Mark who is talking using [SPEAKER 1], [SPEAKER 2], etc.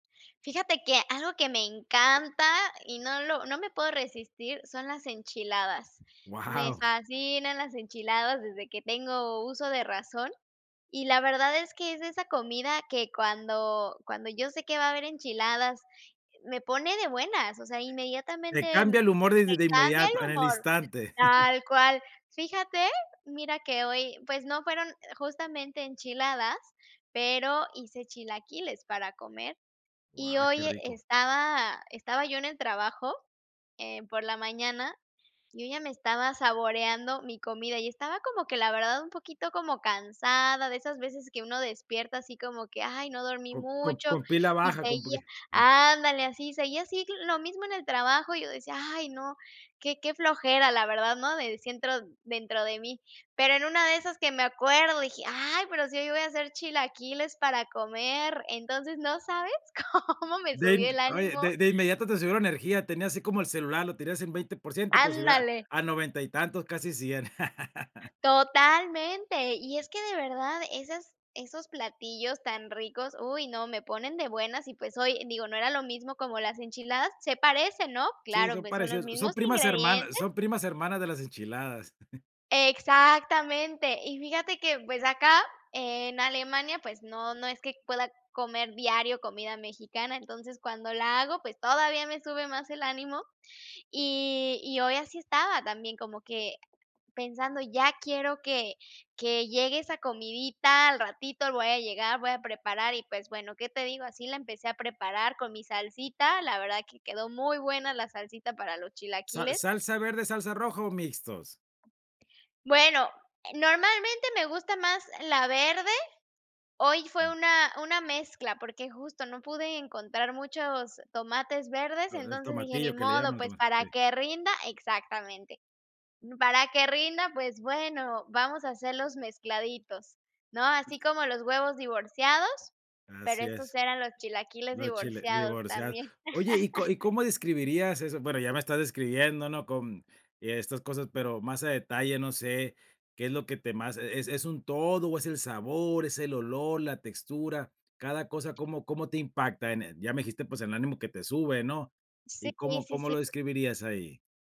[SPEAKER 1] Fíjate que algo que me encanta, y no lo no me puedo resistir son las enchiladas. Me
[SPEAKER 2] ¡Guau!
[SPEAKER 1] fascinan las enchiladas desde que tengo uso de razón. Y la verdad es que es esa comida que cuando cuando yo sé que va a haber enchiladas, me pone de buenas. O sea,
[SPEAKER 2] Te
[SPEAKER 1] inmediatamente
[SPEAKER 2] cambia el humor de
[SPEAKER 1] me
[SPEAKER 2] de
[SPEAKER 1] cambia el
[SPEAKER 2] inmediato, en el
[SPEAKER 1] humor,
[SPEAKER 2] instante.
[SPEAKER 1] tal cual. Fíjate, mira que hoy, pues, no fueron e justamente enchiladas, pero hice chilaquiles para comer, y
[SPEAKER 2] Guau, qué
[SPEAKER 1] hoy
[SPEAKER 2] rico.
[SPEAKER 1] estaba estaba yo en el trabajo, eh, por la mañana, yo ya me estaba saboreando mi comida, y estaba como que, la verdad, un poquito como cansada, de esas veces que uno despierta, así como que: "Ay, no dormí
[SPEAKER 2] Co co
[SPEAKER 1] mucho",
[SPEAKER 2] con pila
[SPEAKER 1] y
[SPEAKER 2] baja, con poqui
[SPEAKER 1] seguía
[SPEAKER 2] m
[SPEAKER 1] ¡Ándale!, así, seguía así lo mismo en el trabajo, y yo decía: "¡Ay, no, qué qué flojera!", la verdad, ¿no? Decía dentro dentro de mí. Pero en una de esas que me acuerdo, dije: "¡Ay, pero si hoy voy a hacer chilaquiles para comer!". Entonces, no sabes cómo me
[SPEAKER 2] De
[SPEAKER 1] subió
[SPEAKER 2] in
[SPEAKER 1] el
[SPEAKER 2] oye,
[SPEAKER 1] ánimo.
[SPEAKER 2] de de inmediato te subió la energía, tenía así como el celular, lo tenías en 20%, te subió a
[SPEAKER 1] ¡Ándale!
[SPEAKER 2] a 90 y tantos, casi 100.
[SPEAKER 1] Totalmente. Y es que de verdad esas esos platillos tan ricos, uy no, me ponen de buenas, y, pues, oye, digo, no era lo mismo como las enchiladas, se parecen, ¿no?,
[SPEAKER 2] Sí,
[SPEAKER 1] Claro,
[SPEAKER 2] son
[SPEAKER 1] pues, son los
[SPEAKER 2] parecidos, son
[SPEAKER 1] mismos
[SPEAKER 2] primas hermanas
[SPEAKER 1] ingredientes.
[SPEAKER 2] son primas hermanas de las enchiladas.
[SPEAKER 1] Exactamente. Y fíjate que, pues, acá en Alemania, pues, no no es que pueda comer diario comida mexicana, Entonces cuando la hago, pues, todavía me sube más el ánimo. Y y hoy así estaba también, como que, pensando: "Ya quiero que que llegue esa comidita, al ratito voy a llegar, voy a preparar", y, pues, bueno, ¿qué te digo? Así la empecé a preparar, con mi salsita, la verdad que quedó muy buena la salsita para los
[SPEAKER 2] ¿Sal
[SPEAKER 1] chilaquiles.
[SPEAKER 2] salsa verde, salsa roja, o, mixtos?
[SPEAKER 1] Bueno, e normalmente me gusta más la verde. Hoy fue una una mezcla, porque justo no pude encontrar muchos tomates verdes,
[SPEAKER 2] Los del
[SPEAKER 1] entonces dije: "Ni
[SPEAKER 2] tomatillo, que le
[SPEAKER 1] modo,
[SPEAKER 2] llaman al
[SPEAKER 1] pues,
[SPEAKER 2] tomate,
[SPEAKER 1] para
[SPEAKER 2] sí.
[SPEAKER 1] que rinda exactamente. Para que rinda, pues bueno, vamos a hacerlos mezcladitos", ¿no? Así como los huevos divorciados, pero
[SPEAKER 2] Así
[SPEAKER 1] estos
[SPEAKER 2] es.
[SPEAKER 1] eran los chilaquiles
[SPEAKER 2] Los chilaq
[SPEAKER 1] divorciados
[SPEAKER 2] divorciados.
[SPEAKER 1] también.
[SPEAKER 2] Oye, ¿y y cómo describirías eso? Bueno, ya me estás describiendo, ¿no? Con y estas cosas, pero más a detalle, no sé, ¿qué es lo que te más e es un todo o es el sabor, es el olor, la textura? Cada cosa, ¿cómo cómo te impacta en el? Ya me dijiste, pues, el ánimo que te sube, ¿no?
[SPEAKER 1] Sí,
[SPEAKER 2] ¿Y cómo
[SPEAKER 1] sí,
[SPEAKER 2] cómo lo
[SPEAKER 1] sí.
[SPEAKER 2] describirías ahí?